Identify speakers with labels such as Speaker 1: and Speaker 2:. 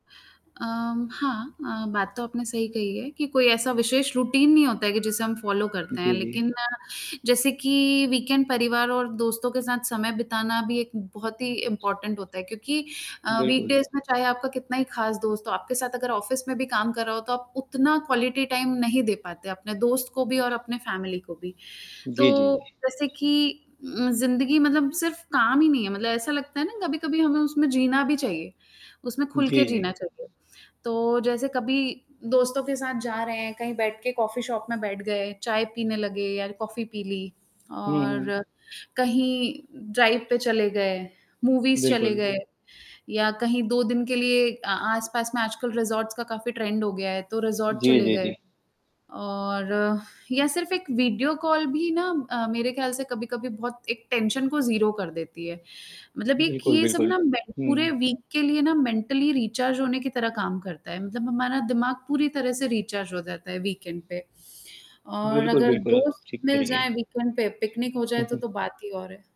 Speaker 1: अ उम, हाँ अ, बात तो आपने सही कही है कि कोई ऐसा विशेष रूटीन नहीं होता है कि जिसे हम फॉलो करते हैं।
Speaker 2: जी, जी।
Speaker 1: लेकिन जैसे कि वीकएंड परिवार और दोस्तों के साथ समय बिताना भी एक बहुत ही इंपोर्टेंट होता है, क्योंकि अ,
Speaker 2: बिल्कुल।
Speaker 1: वीकडेज़ में चाहे आपका कितना ही खास दोस्त हो, आपके साथ अगर ऑफिस में भी काम कर रहा हो, तो आप उतना क्वालिटी टाइम नहीं दे पाते अपने दोस्त को भी और अपने फ़ैमिली को भी।
Speaker 2: जी, जी,
Speaker 1: तो
Speaker 2: जी।
Speaker 1: जैसे कि ज़िंदगी मतलब सिर्फ़ काम ही नहीं है मतलब ऐसा लगता है ना कभी-कभी हमें उसमें जीना भी चाहिए, उसमें खुल के
Speaker 2: जी, जी।
Speaker 1: जीना चाहिए। तो जैसे कभी दोस्तों के साथ जा रहे हैं, कहीं बैठ के कॉफी शॉप में बैठ गए, चाय पीने लगे या कॉफी पी ली।
Speaker 2: हुँ, हुँ।
Speaker 1: और कहीं ड्राइव पे चले गए, मूवीज़ चले
Speaker 2: बिल्कुल।
Speaker 1: गए, या कहीं 2 दिन के लिए आ आस-पास में आजकल रिज़ॉर्ट्स का काफ़ी ट्रेंड हो गया है, तो रिज़ॉर्ट
Speaker 2: जी,
Speaker 1: चले
Speaker 2: जी,
Speaker 1: गए।
Speaker 2: जी।
Speaker 1: और या सिर्फ़ एक वीडियो कॉल भी ना अ, मेरे ख़याल से कभी-कभी बहुत एक टेंशन को 0 कर देती है, मतलब एक
Speaker 2: बिल्कुल,
Speaker 1: ये सब
Speaker 2: बिल्कुल।
Speaker 1: ना में पूरे
Speaker 2: हुँ।
Speaker 1: वीक के लिए ना मेंटली रिचार्ज होने की तरह काम करता है। मतलब हमारा दिमाग पूरी तरह से रिचार्ज हो जाता है वीकएंड पे और
Speaker 2: बिल्कुल,
Speaker 1: अगर
Speaker 2: बिल्कुल। आप
Speaker 1: दोस्त
Speaker 2: ठीक कह
Speaker 1: मिल
Speaker 2: रही हैं।
Speaker 1: जाए वीकएंड पे पिकनिक हो जाए तो, तो बात ही और है।